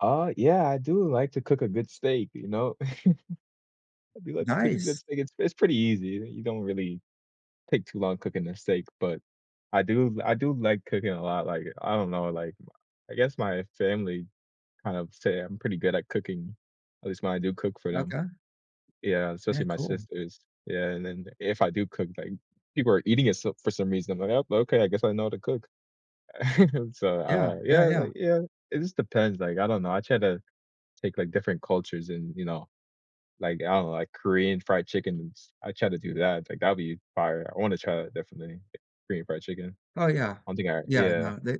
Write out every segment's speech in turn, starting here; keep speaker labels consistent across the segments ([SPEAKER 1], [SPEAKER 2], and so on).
[SPEAKER 1] Uh, yeah I do like to cook a good steak you know? I do like to cook a good
[SPEAKER 2] Nice.
[SPEAKER 1] steak. It's it's pretty easy; you don't really take too long cooking a steak, but I do I do like cooking a lot, like, I don't know, like, m a I guess my family kind of say I'm pretty good at cooking, at least when I do cook for them.
[SPEAKER 2] Okay.
[SPEAKER 1] Yeah,
[SPEAKER 2] Yeah,
[SPEAKER 1] especially my
[SPEAKER 2] cool.
[SPEAKER 1] sisters. Yeah, and then if I do cook, like, people are eating it s for some reason, like, "Oh, okay, I guess I know how to cook." So,
[SPEAKER 2] Yeah.
[SPEAKER 1] uh,
[SPEAKER 2] Yeah,
[SPEAKER 1] yeah,
[SPEAKER 2] yeah.
[SPEAKER 1] like, yeah, it just depends, like, I don't know. I try to take, like, different cultures and, you know like, I don't know, like, Korean fried chicken and s I try to do that, t like, that'd be fire. I wanna try it definitely, Korean fried chicken.
[SPEAKER 2] Oh, yeah.
[SPEAKER 1] I don't think I
[SPEAKER 2] Yeah,
[SPEAKER 1] yeah.
[SPEAKER 2] no, they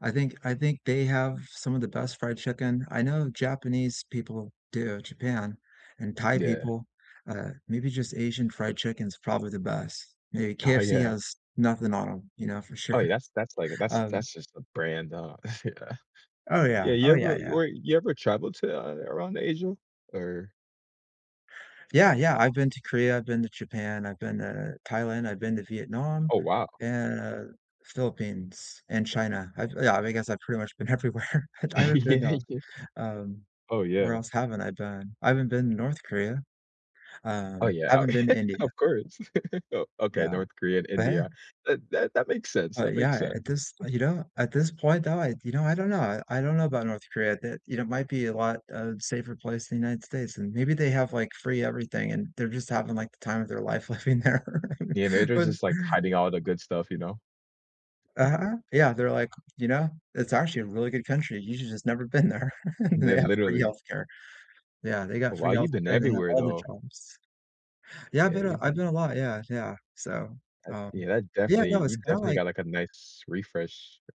[SPEAKER 2] I think I think they have some of the best fried chicken. I know Japanese people do, Japan and Thai
[SPEAKER 1] Yeah.
[SPEAKER 2] people. Uh, maybe just Asian fried chicken's probably the best. A
[SPEAKER 1] Oh,
[SPEAKER 2] KFC
[SPEAKER 1] yeah.
[SPEAKER 2] has nothing on 'em, you know, for
[SPEAKER 1] Oh,
[SPEAKER 2] sure,
[SPEAKER 1] yeah that's that's like, a that's
[SPEAKER 2] um
[SPEAKER 1] that's just a brand, ah.
[SPEAKER 2] Oh,
[SPEAKER 1] Yeah,
[SPEAKER 2] yeah.
[SPEAKER 1] you
[SPEAKER 2] Oh, yeah,
[SPEAKER 1] ever
[SPEAKER 2] yeah.
[SPEAKER 1] your you ever traveled to, uh, around Asia? Or
[SPEAKER 2] Yeah, yeah, I've been to Korea, I've been to Japan, I've been to Thailand, I've been to Vietnam,
[SPEAKER 1] Oh, wow.
[SPEAKER 2] and, Philippines, and China. I've Yeah, I mean, I guess I've pretty much been everywhere. Het I haven't
[SPEAKER 1] Yeah,
[SPEAKER 2] been, um,
[SPEAKER 1] yeah.
[SPEAKER 2] um
[SPEAKER 1] Oh,
[SPEAKER 2] where
[SPEAKER 1] yeah.
[SPEAKER 2] else haven't I been? I haven't been to North Korea.
[SPEAKER 1] Oh,
[SPEAKER 2] Um,
[SPEAKER 1] yeah.
[SPEAKER 2] haven't been to India.
[SPEAKER 1] Of course. O okay,
[SPEAKER 2] Yeah.
[SPEAKER 1] North Korea and
[SPEAKER 2] But, hey
[SPEAKER 1] India. That that that makes sense,
[SPEAKER 2] Oh,
[SPEAKER 1] that makes
[SPEAKER 2] yeah,
[SPEAKER 1] sense.
[SPEAKER 2] at this Oh, you know, at this point though, I you know, I don't know. I don't know about North Korea that you know, might be a lot, uh, safer place in United States, and maybe they have, like, free everything, and they're just having, like, the time of their life living there,
[SPEAKER 1] Yeah, maybe they're
[SPEAKER 2] but
[SPEAKER 1] just, like, hiding all the good stuff, you know? Mhm.
[SPEAKER 2] Uh-huh. Yeah, they're like you know, it's actually a really good country. You j just never been there.
[SPEAKER 1] And
[SPEAKER 2] They
[SPEAKER 1] then,
[SPEAKER 2] have free
[SPEAKER 1] literally
[SPEAKER 2] health care. Yeah, they got
[SPEAKER 1] But,
[SPEAKER 2] free
[SPEAKER 1] wow,
[SPEAKER 2] healthcare,
[SPEAKER 1] you've been
[SPEAKER 2] and they have
[SPEAKER 1] everywhere
[SPEAKER 2] all the
[SPEAKER 1] though.
[SPEAKER 2] jobs. Yeah, I've
[SPEAKER 1] Yeah,
[SPEAKER 2] been a
[SPEAKER 1] you
[SPEAKER 2] I've been a lot Yeah, yeah, so,
[SPEAKER 1] Eh,
[SPEAKER 2] um
[SPEAKER 1] yeah, that
[SPEAKER 2] Yeah,
[SPEAKER 1] definitely
[SPEAKER 2] no, it's
[SPEAKER 1] you
[SPEAKER 2] kinda
[SPEAKER 1] definitely
[SPEAKER 2] like
[SPEAKER 1] got, like, a nice refresh.